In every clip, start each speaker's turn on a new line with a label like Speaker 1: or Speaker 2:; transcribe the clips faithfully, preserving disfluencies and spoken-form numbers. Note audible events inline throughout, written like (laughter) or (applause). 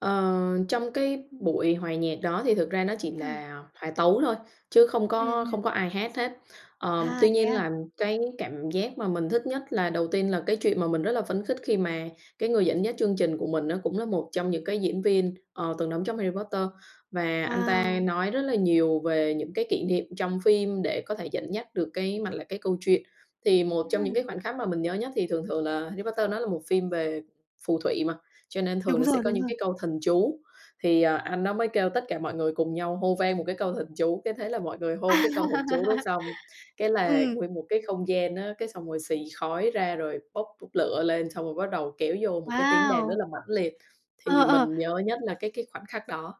Speaker 1: Ờ, trong cái buổi hòa nhạc đó thì thực ra nó chỉ
Speaker 2: Ừm.
Speaker 1: là hòa tấu thôi, chứ không
Speaker 2: Ừm,
Speaker 1: có
Speaker 2: ừm.
Speaker 1: không có ai hát hết. Ờ,
Speaker 2: À,
Speaker 1: tuy
Speaker 2: thế
Speaker 1: nhiên
Speaker 2: à.
Speaker 1: là cái cảm giác mà mình thích nhất là, đầu tiên là cái chuyện mà mình rất là phấn khích khi mà cái người dẫn dắt chương trình của mình á, cũng là một trong những cái diễn viên, ờ, từng đóng trong Harry Potter, và anh ta
Speaker 2: Wow.
Speaker 1: nói rất là nhiều về những cái kỷ niệm trong phim để có thể dẫn dắt được cái mạch lạc, cái câu chuyện. Thì một trong những cái
Speaker 2: Ừm.
Speaker 1: khoảnh khắc mà mình nhớ nhất thì thường thường là Harry Potter đó là một phim về phù thủy mà, cho nên thường
Speaker 2: Đúng
Speaker 1: nó sẽ
Speaker 2: rồi,
Speaker 1: có
Speaker 2: đúng
Speaker 1: những
Speaker 2: rồi.
Speaker 1: cái câu thần chú, thì anh đó mới kêu tất cả mọi người cùng nhau hô vang một cái câu thần chú, cái thế là mọi người
Speaker 2: À!
Speaker 1: hô cái câu thần chú đó xong, cái là
Speaker 2: Ừm.
Speaker 1: nguyên một cái không gian á, cái xong rồi xì khói ra rồi bốc bốc lửa lên xong rồi bắt đầu kéo vô một cái tiếng đàn rất
Speaker 2: Wow!
Speaker 1: là mãnh liệt.
Speaker 2: Ờ,
Speaker 1: Thì
Speaker 2: ờ.
Speaker 1: mình nhớ nhất là cái cái khoảnh khắc đó.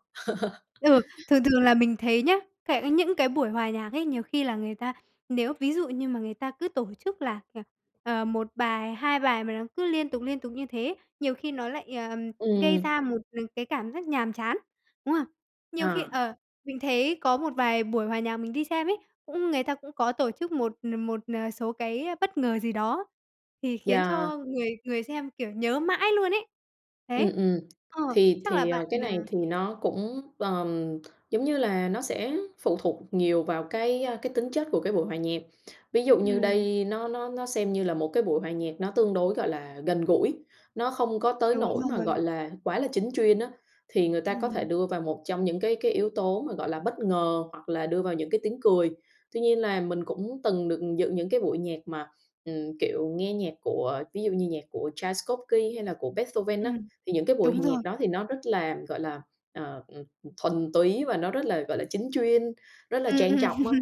Speaker 2: Ừ,
Speaker 1: (laughs)
Speaker 2: thường thường là mình thấy nhá, cai những cái buổi hòa nhạc ấy, nhiều khi là người ta, nếu ví dụ như mà người ta cứ tổ chức là là, ờ, một bài, hai bài mà nó cứ liên tục, liên tục như thế, nhiều khi nó lại, ờ, gây
Speaker 1: Ừm.
Speaker 2: ra một, n cái cảm giác nhàm chán, đúng không? Nhiều khi,
Speaker 1: Ờ.
Speaker 2: ờ, mình thấy có một vài buổi hòa nhạc mình đi xem ấy, cũng người ta cũng có tổ chức một n một, ờ, số cái bất ngờ gì đó thì khiến
Speaker 1: Yeah.
Speaker 2: cho người người xem, kiểu, nhớ mãi luôn ấy.
Speaker 1: Ừm,
Speaker 2: Đấy,
Speaker 1: ừm,
Speaker 2: ờ,
Speaker 1: thì
Speaker 2: chắc là
Speaker 1: thì
Speaker 2: bạn
Speaker 1: cái này
Speaker 2: nà
Speaker 1: thì nó cũng, ờm, giống như là nó sẽ phụ thuộc nhiều vào cái cái tính chất của cái buổi hòa nhạc. Ví dụ như
Speaker 2: Ừm.
Speaker 1: đây nó nó nó xem như là một cái buổi hòa nhạc nó tương đối, gọi là, gần gũi, nó không có tới
Speaker 2: Đúng
Speaker 1: nỗi mà,
Speaker 2: rồi.
Speaker 1: gọi là, quá là chính chuyên á. Thì người ta có thể
Speaker 2: Ừm.
Speaker 1: đưa vào một trong những cái cái yếu tố mà, gọi là, bất ngờ hoặc là đưa vào những cái tiếng cười. Tuy nhiên là mình cũng từng được dự những cái buổi nhạc mà, ừm, kiểu nghe nhạc của ví dụ như nhạc của Tchaikovsky, hay là của Beethoven á,
Speaker 2: Ừm,
Speaker 1: thì những cái buổi
Speaker 2: đúng
Speaker 1: hòa nhạc
Speaker 2: rồi.
Speaker 1: đó thì nó rất là, gọi là, ờ, ừm, thuần túy và nó rất là, gọi là, chính chuyên, rất là
Speaker 2: Ừm,
Speaker 1: trang
Speaker 2: ừm,
Speaker 1: trọng á,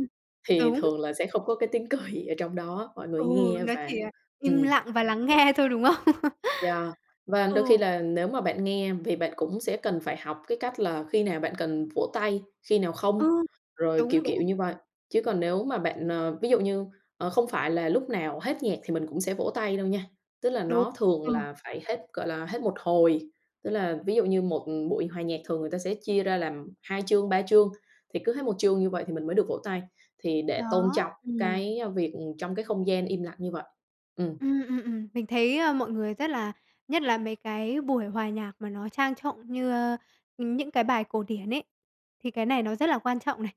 Speaker 1: thì
Speaker 2: đúng.
Speaker 1: thường là sẽ không có cái tiếng cười ở trong đó, mọi người
Speaker 2: Ừ,
Speaker 1: nghe
Speaker 2: nó
Speaker 1: và
Speaker 2: chỉ là im
Speaker 1: ừm.
Speaker 2: lặng và lắng nghe thôi, đúng không?
Speaker 1: Yeah,
Speaker 2: (laughs)
Speaker 1: và đôi khi
Speaker 2: Ừ.
Speaker 1: là nếu mà bạn nghe vì bạn cũng sẽ cần phải học cái cách là khi nào bạn cần vỗ tay, khi nào
Speaker 2: Ừ,
Speaker 1: không, rồi kiểu
Speaker 2: đúng, đúng.
Speaker 1: kiểu như vậy. Chứ còn nếu mà bạn à, ví dụ như, ờ, không phải là lúc nào hết nhạc thì mình cũng sẽ vỗ tay đâu nha. Tức là
Speaker 2: Đúng
Speaker 1: nó thường
Speaker 2: ờ.
Speaker 1: là phải hết, gọi là, hết một hồi. Tức là ví dụ như một buổi hòa nhạc thường người ta sẽ chia ra làm hai chương, ba chương, thì cứ hết một chương như vậy thì mình mới được vỗ tay, thì để tôn
Speaker 2: Đó,
Speaker 1: trọng
Speaker 2: ừm.
Speaker 1: cái việc trong cái không gian im lặng như vậy. Ừm.
Speaker 2: Ừm, ừm, ừm, mình thấy mọi người rất là nhất là mấy cái buổi hòa nhạc mà nó trang trọng như những cái bài cổ điển ấy, thì cái này nó rất là quan trọng này.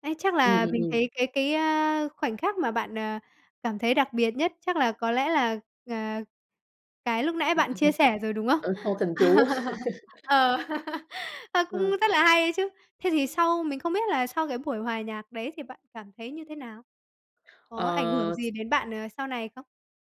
Speaker 2: Ấy, chắc
Speaker 1: Ừm,
Speaker 2: là
Speaker 1: ừm,
Speaker 2: mình
Speaker 1: ừm.
Speaker 2: thấy cái cái, ơ, khoảnh khắc mà bạn, à, cảm thấy đặc biệt nhất chắc là có lẽ là, à, cái lúc nãy bạn chia sẻ rồi,
Speaker 1: (laughs)
Speaker 2: đúng không?
Speaker 1: Ờ, pâu thần chú.
Speaker 2: (laughs)
Speaker 1: (laughs)
Speaker 2: Ờ, (laughs) nó cũng
Speaker 1: Ờ.
Speaker 2: rất là hay ấy chứ. Thế thì sau mình không biết là sau cái buổi hòa nhạc đấy thì bạn cảm thấy như thế nào? Có ảnh hưởng
Speaker 1: Ờ, x
Speaker 2: gì đến bạn, ờ, sau này không?